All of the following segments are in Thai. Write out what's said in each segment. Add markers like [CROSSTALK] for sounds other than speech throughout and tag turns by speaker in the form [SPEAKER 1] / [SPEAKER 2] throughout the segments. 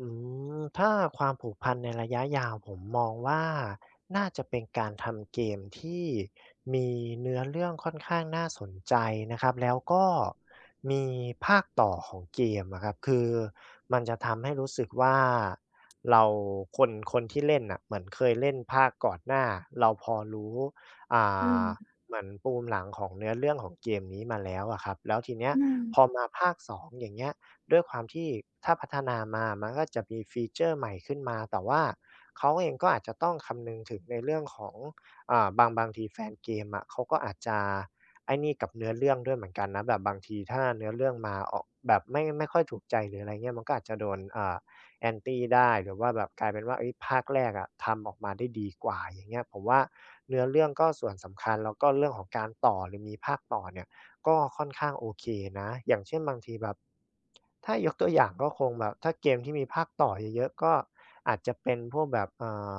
[SPEAKER 1] อืม ถ้าความผูกพันในระยะยาว ผมมองว่า น่าจะเป็นการทำเกมที่มีเนื้อเรื่องค่อนข้างน่าสนใจนะครับ แล้วก็มีภาคต่อของเกมอะครับ คือมันจะทำให้รู้สึกว่าเรา คน คนที่เล่นน่ะ เหมือนเคยเล่นภาคก่อนหน้า เราพอรู้ อ่
[SPEAKER 2] อื
[SPEAKER 1] า
[SPEAKER 2] ม
[SPEAKER 1] เหมือนปูมหลังของเนื้อเรื่องของเกมนี้มาแล้วอะครับ แล้วทีเนี้ย
[SPEAKER 2] อืม
[SPEAKER 1] พอมา ภาค 2 อย่างเงี้ย ด้วยความที่ ถ้าพัฒนามามันก็ จะมี ฟีเชอร์ ใหม่ขึ้นมา แต่ว่าเขาเองก็อาจจะต้องคำนึงถึงในเรื่องของ อ่า บาง บางทีแฟนเกมอะ เขาก็อาจจะ ไอ้นี่กับเนื้อเรื่องด้วยเหมือนกันนะ แบบบางทีถ้าเนื้อเรื่องมาออก แบบไม่ ไม่ค่อยถูกใจ หรืออะไรเงี้ย มันก็อาจจะโดน อ่า Anti ได้ หรือว่าแบบกลายเป็นว่า เฮ้ย ภาคแรกอะทำออกมาได้ดีกว่า อย่างเงี้ย ผมว่าเนื้อเรื่องก็ส่วนสำคัญ แล้วก็เรื่องของการต่อ หรือมีภาคต่อเนี่ยก็ค่อนข้างโอเคนะ อย่างเช่น บางทีแบบ ถ้ายกตัวอย่างก็คงแบบ ถ้าเกมที่มีภาคต่อเยอะ ๆ ก็อาจจะเป็นพวกแบบ อ่า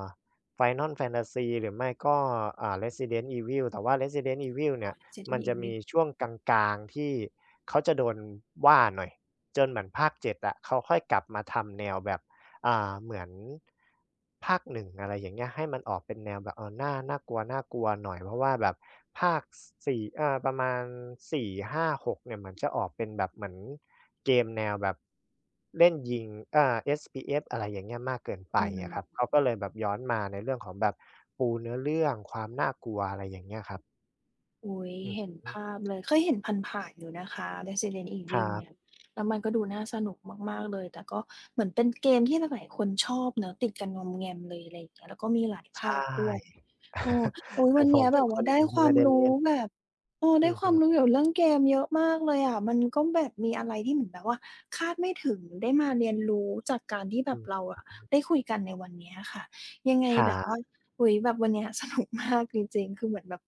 [SPEAKER 1] Final Fantasy หรือไม่ก็ อ่า Resident Evil แต่ว่า Resident Evil
[SPEAKER 2] อ
[SPEAKER 1] เน
[SPEAKER 2] ้
[SPEAKER 1] ี่
[SPEAKER 2] อ
[SPEAKER 1] ย
[SPEAKER 2] จะด
[SPEAKER 1] มั
[SPEAKER 2] ี
[SPEAKER 1] นจ
[SPEAKER 2] อี
[SPEAKER 1] ะ
[SPEAKER 2] ก
[SPEAKER 1] ม
[SPEAKER 2] นิ
[SPEAKER 1] ี
[SPEAKER 2] ด
[SPEAKER 1] ช่วงกลาง ๆ ที่เขาจะโดนว่าหน่อย จนเหมือนภาค 7 อะ เขาค่อยกลับมาทำแนวแบบ อ่า เหมือน ภาค 1 อะไรอย่างเงี้ย ให้มันออกเป็นแนวแบบ อ่อ น่า น่ากลัว ๆ หน่อย เพราะว่าแบบภาค ส 4 อา ประมาณ 4 5 6 เนี่ย เหมือนจะออกเป็นแบบเหมือนเกมแนวแบบ เล่นยิง อ่า FPS อะไรอย่างเงี้ย มากเกินไป
[SPEAKER 2] อื
[SPEAKER 1] อะค
[SPEAKER 2] ม
[SPEAKER 1] รับ เขาก็เลยแบบย้อนมาในเรื่องของแบบปูเนื้อเรื่องความน่ากลัว อะไรอย่างเงี้ยครับ
[SPEAKER 2] อุ๊ย
[SPEAKER 1] อือ
[SPEAKER 2] เห็
[SPEAKER 1] ฮ
[SPEAKER 2] น
[SPEAKER 1] ึ
[SPEAKER 2] ภาพเลย เคยเห็นผ่าน ๆ อยู่นะคะ Resident
[SPEAKER 1] คร
[SPEAKER 2] Evil
[SPEAKER 1] ั
[SPEAKER 2] เน
[SPEAKER 1] บ
[SPEAKER 2] ี่ย แล้วมันก็ดูน่าสนุกมาก ๆ เลย แต่ก็เหมือนเป็น เกมที่หลาย ๆ คนชอบเนาะ ติดกันงอมแงมเลย อะไรอย่างเงี้ย แล้วก็มีหลาย
[SPEAKER 1] ใ
[SPEAKER 2] ภ
[SPEAKER 1] ช่
[SPEAKER 2] าคด้วย เออ โอ
[SPEAKER 1] [CHUCKLES]
[SPEAKER 2] ๊ย
[SPEAKER 1] แต่
[SPEAKER 2] วัน
[SPEAKER 1] ผ
[SPEAKER 2] เนี
[SPEAKER 1] ม
[SPEAKER 2] ้ย
[SPEAKER 1] เป
[SPEAKER 2] แ
[SPEAKER 1] ็
[SPEAKER 2] บ
[SPEAKER 1] น
[SPEAKER 2] บว
[SPEAKER 1] ค
[SPEAKER 2] ่า
[SPEAKER 1] น
[SPEAKER 2] ไ
[SPEAKER 1] ห
[SPEAKER 2] ด
[SPEAKER 1] นึ
[SPEAKER 2] ้
[SPEAKER 1] ่งท
[SPEAKER 2] ค
[SPEAKER 1] ี่
[SPEAKER 2] ว
[SPEAKER 1] ไ
[SPEAKER 2] า
[SPEAKER 1] ม่
[SPEAKER 2] ม
[SPEAKER 1] ได้
[SPEAKER 2] รู
[SPEAKER 1] เล
[SPEAKER 2] ้
[SPEAKER 1] ่น
[SPEAKER 2] แบบ เออ
[SPEAKER 1] อ
[SPEAKER 2] ไ
[SPEAKER 1] ื
[SPEAKER 2] ด้
[SPEAKER 1] อ
[SPEAKER 2] ค
[SPEAKER 1] ฮ
[SPEAKER 2] วาม
[SPEAKER 1] ึ
[SPEAKER 2] รู้เกี่ยว เรื่องเกมเยอะมากเลยอะ มันก็แบบมีอะไรที่เหมือนแบบว่าคาดไม่ถึง ได้มาเรียนรู้จากการที่แ
[SPEAKER 1] อ
[SPEAKER 2] บ
[SPEAKER 1] ื
[SPEAKER 2] บ
[SPEAKER 1] อ
[SPEAKER 2] เรา
[SPEAKER 1] อ
[SPEAKER 2] อ
[SPEAKER 1] ื
[SPEAKER 2] ะ
[SPEAKER 1] อฮึ
[SPEAKER 2] ได้คุยกันในวันเนี้ยอะค่ะ ยังไง
[SPEAKER 1] คร
[SPEAKER 2] แบบว่
[SPEAKER 1] ับ
[SPEAKER 2] า โอ้โฮ แบบวันนี้ สนุกมาก จริง ๆ คือเหมือนแบบ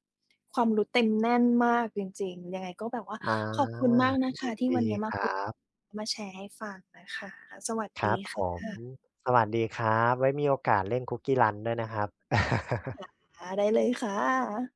[SPEAKER 2] ความรู้เต็มแน่นมากจริง ๆ ยังไงก็แบบว่า
[SPEAKER 1] อา
[SPEAKER 2] ขอบคุณมากนะค
[SPEAKER 1] ยิ
[SPEAKER 2] ะ
[SPEAKER 1] น
[SPEAKER 2] ที่
[SPEAKER 1] ดี
[SPEAKER 2] วันนี้ม
[SPEAKER 1] ค
[SPEAKER 2] า
[SPEAKER 1] ร
[SPEAKER 2] ค
[SPEAKER 1] ั
[SPEAKER 2] ุย
[SPEAKER 1] บ
[SPEAKER 2] มาแชร์ให้ฟังนะคะ สวัส
[SPEAKER 1] คร
[SPEAKER 2] ดี
[SPEAKER 1] ับ
[SPEAKER 2] ค
[SPEAKER 1] ผม
[SPEAKER 2] ่ะ
[SPEAKER 1] สวัสดีครับ ไว้มีโอกาสเล่น CookieRun ด้วยนะครับ [LAUGHS]
[SPEAKER 2] ค่ะ ได้เลยค่ะ